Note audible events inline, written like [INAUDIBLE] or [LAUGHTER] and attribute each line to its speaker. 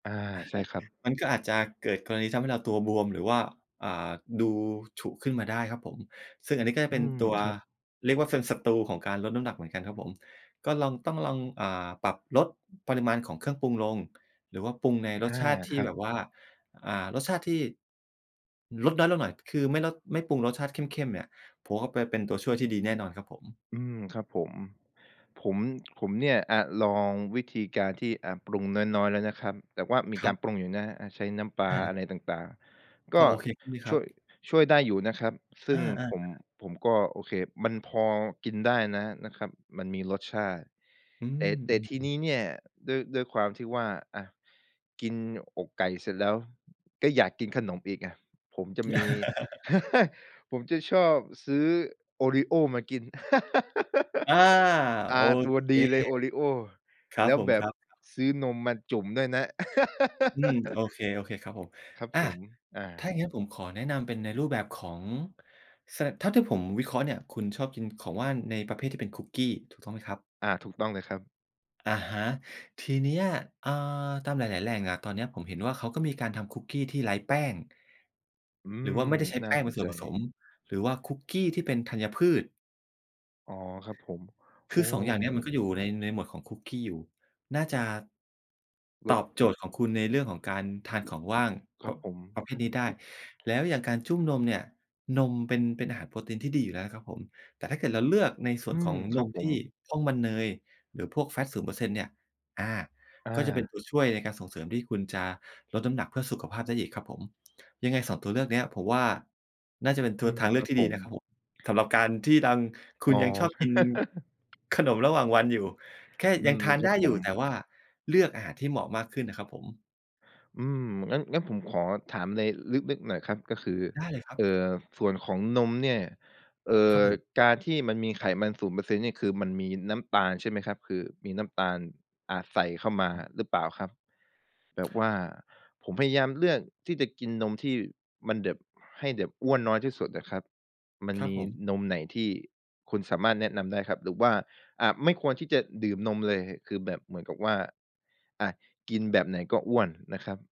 Speaker 1: อา
Speaker 2: อะ
Speaker 1: ใ
Speaker 2: ฮ
Speaker 1: ช่
Speaker 2: ะ
Speaker 1: ครับ
Speaker 2: มันก็อาจจะเกิดกรณีที่ทำให้เราตัวบวม หรือว่า อ่า ดูฉุขึ้นมาได้ครับผม ซึ่งอันนี้ก็จะ
Speaker 1: อ
Speaker 2: เ
Speaker 1: ื
Speaker 2: ป็น
Speaker 1: ม
Speaker 2: ตัว
Speaker 1: ครับ
Speaker 2: เรียกว่าเป็นศัตรูของการลดน้ำหนักเหมือนกันครับผม ก็ลอง ต้องลอง อ่า ปรับลดปริมาณของเครื่องปรุงลง หรือว่าปรุงในร
Speaker 1: อา
Speaker 2: สชาติท
Speaker 1: ค
Speaker 2: ี่
Speaker 1: รับ
Speaker 2: แบบว่า อ่า รสชาติที่ ลดน้อยลงหน่อย คือไม่ลด ไม่ปรุงรสชาติเข้ม ๆ เนี่ย ผมว่าไป เป็นตัวช่วยที่ดีแน่นอนครับผ
Speaker 1: อืม ครับผม ผม ผมเนี่ย อา ลองวิธีการที่ อา ปรุงน้อย ๆ แล้วนะครับ แต่ว่ามี
Speaker 2: ค
Speaker 1: ก
Speaker 2: ร
Speaker 1: า
Speaker 2: ับ
Speaker 1: รปรุงอยู่นะ อา ใช้น้ำปลา
Speaker 2: อ
Speaker 1: อ
Speaker 2: า
Speaker 1: ะไรต่าง ๆ ก
Speaker 2: พ
Speaker 1: ็
Speaker 2: อโอเคขึ้นไหมค
Speaker 1: ช
Speaker 2: ร
Speaker 1: ่
Speaker 2: ับ?
Speaker 1: วย ช่วยได้อยู่นะครับ ซึ
Speaker 2: อ
Speaker 1: ่ง
Speaker 2: า
Speaker 1: ผม
Speaker 2: ๆ ๆ
Speaker 1: ผมก็ โอเค มันพอกินได้นะ นะครับ มันมีรสชาติ
Speaker 2: อื
Speaker 1: แต่
Speaker 2: อ
Speaker 1: แต
Speaker 2: อ
Speaker 1: ่
Speaker 2: ื
Speaker 1: ที
Speaker 2: อ
Speaker 1: น
Speaker 2: ๆ
Speaker 1: ี้เนี่ย ด้วย ด้วยความที่ว่า อา กินอกไก่เสร็จแล้ว ก็อยากกินขนมอีกอะ ผมจะมี
Speaker 2: [CHUCKLES]
Speaker 1: [CHUCKLES] ผมจะชอบซื้อโอรีโอมากิน [LAUGHS]
Speaker 2: อา
Speaker 1: อ
Speaker 2: โอ
Speaker 1: า ตัว
Speaker 2: เค
Speaker 1: ดีเลยโอรีโอ
Speaker 2: ครั
Speaker 1: แล
Speaker 2: บ
Speaker 1: ้ว
Speaker 2: ผม
Speaker 1: แบ
Speaker 2: ค
Speaker 1: บ
Speaker 2: รับ ๆ
Speaker 1: ซื้อนมมาจุ่มด้วยนะ
Speaker 2: อืม โอ
Speaker 1: [LAUGHS]
Speaker 2: เค โอเคครับผม
Speaker 1: ครับ
Speaker 2: อา
Speaker 1: ผม อ
Speaker 2: ถ้าอย
Speaker 1: า
Speaker 2: ่างงั้นผมขอแนะนำเป็นในรูปแบบของเสิร์ช เท่าที่ผมวิเคราะห์เนี่ย คุณชอบกินของว่างในประเภทที่เป็นคุกกี้ ถูกต้องไหมครับ?
Speaker 1: อา ถูกต้องเลยครับ
Speaker 2: อะฮะ ทีเนี้ย อา ตามหลาย ๆ แหล่งอะ ตอนเนี้ยผมเห็นว่าเขาก็มีการทำคุกกี้ที่ไร้แป้ง
Speaker 1: อื
Speaker 2: หรือว่
Speaker 1: ม
Speaker 2: าไม่ได้ใช้
Speaker 1: น
Speaker 2: แ
Speaker 1: ่
Speaker 2: ป
Speaker 1: า
Speaker 2: ้งเ
Speaker 1: ส
Speaker 2: ป็
Speaker 1: น
Speaker 2: นส
Speaker 1: ใ
Speaker 2: ่ว
Speaker 1: จ
Speaker 2: นผสม หรือว่าคุกกี้ที่เป็นธัญพืช
Speaker 1: อ๋อ ครับผม
Speaker 2: ค
Speaker 1: โอ้
Speaker 2: ือ 2 อย่างเนี้ยมันก็อยู่ ใน ในหมวดของคุกกี้อยู่ น่าจะ
Speaker 1: ล
Speaker 2: ต
Speaker 1: ด
Speaker 2: อบโจทย์ของคุณในเรื่องของการทานของว่าง
Speaker 1: ค
Speaker 2: ป
Speaker 1: รับผม
Speaker 2: ประเภทนี้ได้ แล้วอย่างการจุ้มนมเนี่ย นมเป็น เป็นอาหารโปรตีนที่ดีอยู่แล้วนะครับผม แต่ถ้าเกิดเราเลือกในส่
Speaker 1: อื
Speaker 2: วนข
Speaker 1: ม
Speaker 2: อง
Speaker 1: ค
Speaker 2: น
Speaker 1: รับ
Speaker 2: ม
Speaker 1: ผ
Speaker 2: ท
Speaker 1: ม
Speaker 2: ี่พร่องมันเนย หรือพวก fat 0% เนี่ย อา
Speaker 1: อ
Speaker 2: ก็จะเป็น
Speaker 1: า
Speaker 2: ตัวช่วยในการส่งเสริมที่คุณจะลดน้ำหนักเพื่อสุขภาพได้อีกครับผม ยังไง 2 ตัวเลือกเนี้ย ผมว่าน่าจะเป็น
Speaker 1: อ
Speaker 2: ท
Speaker 1: ืม
Speaker 2: ทางเลื
Speaker 1: ค
Speaker 2: อ
Speaker 1: รั
Speaker 2: ก
Speaker 1: บ
Speaker 2: ที่
Speaker 1: ผ
Speaker 2: ดี
Speaker 1: ม
Speaker 2: นะครับผม สำหรับการที่ดัง คุ
Speaker 1: อ๋
Speaker 2: ณยังชอ
Speaker 1: อ
Speaker 2: บกิน
Speaker 1: [CHUCKLES]
Speaker 2: ขนมระหว่างวันอยู่ แค่
Speaker 1: อื
Speaker 2: ยัง
Speaker 1: ม
Speaker 2: ทาน
Speaker 1: ครั
Speaker 2: ได
Speaker 1: บ
Speaker 2: ้
Speaker 1: ผ
Speaker 2: อยู่
Speaker 1: ม
Speaker 2: แต่ว่าเลือกอาหารที่เหมาะมากขึ้นน่ะครับผม
Speaker 1: อืม งั้น งั้นผมขอถามไรลึก ๆ หน่อยครับ ก็คือ
Speaker 2: ได้เลยครับ
Speaker 1: เอ่อ ส่วนของนมเนี่ย เอ่
Speaker 2: ครั
Speaker 1: อ
Speaker 2: บผม-
Speaker 1: การที่มันมีไขมัน 0% เนี่ย คือมันมีน้ำตาลใช่ไหมครับ คือมีน้ำตาล อาจใส่เข้ามาหรือเปล่าครับ แบบว่าผมพยายามเลือกที่จะกินนมที่มันแบบ ให้แบบอ้วนน้อยที่สุดอะครับ มัน
Speaker 2: ครั
Speaker 1: ม
Speaker 2: บ
Speaker 1: ี
Speaker 2: ผม
Speaker 1: นมไหนที่คุณสามารถแนะนำได้ครับ? หรือว่า อ่า ไม่ควรที่จะดื่มนมเลย? คือแบบเหมือนกับว่า อา กินแบบไหนก็อ้วนนะครับ